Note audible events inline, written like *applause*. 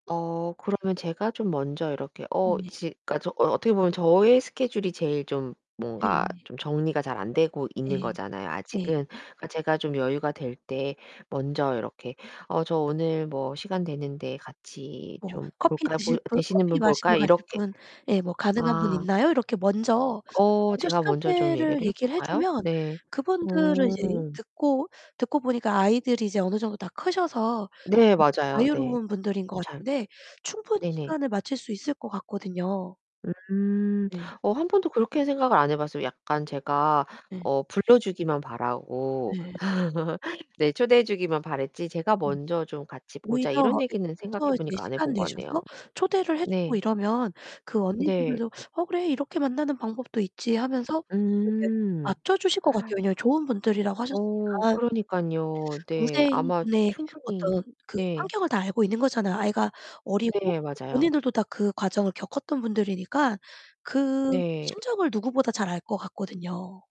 어, 그러면 제가 좀 먼저 이렇게 어 네. 지 그러니까 저 어 어떻게 보면 저의 스케줄이 제일 좀 뭔가 네. 좀 정리가 잘 안 되고 있는 네. 거잖아요 네. 아직은. 제가 좀 여유가 될 때 먼저 이렇게 "어, 저 오늘 뭐 시간 되는데 같이 뭐 좀 "커피 볼까요? 드실 볼 분, 되시는 커피 분 마시러 볼까?" 가실 이렇게 분?" 예, 뭐 "가능한 분 아. 있나요?" 이렇게 먼저 어, 먼저 제가 먼저 좀 시간대를 얘기를 해 얘기를 해 볼까요? 주면 네. 그분들을 이제 음. 듣고 듣고 보니까 아이들이 이제 어느 정도 다 크셔서 네, 맞아요. 네. 자유로운 분들인 것 좀 잘 같은데 충분히 네네. 시간을 맞출 수 있을 것 같거든요. 음. 네. 어, 1 번도 그렇게 생각을 안 해 봤어요. 약간 제가 네. 어 불러주기만 바라고 네. *laughs* 네. 초대해주기만 바랐지 제가 음. 먼저 좀 "같이 오히려 보자." 이런 이렇게 얘기는 생각해 먼저 이제 보니까 안 해 시간 본 것 같네요. 내셔서 초대를 해 주고 네. 이러면 그 네. 언니분들도 "어, 그래. 이렇게 만나는 방법도 있지." 하면서 좀 이렇게 음. 맞춰 주실 것 같아요. *gasps* 왜냐하면 좋은 분들이라고 어, 하셨으니까. 그러니깐요. 네. 아마 동생분의 충분히 어떤 그 네. 환경을 다 알고 있는 거잖아요. 아이가 어리고 네, 맞아요. 본인들도 다 그 과정을 겪었던 분들이니까 그 네. 심정을 누구보다 잘 알 것 같거든요.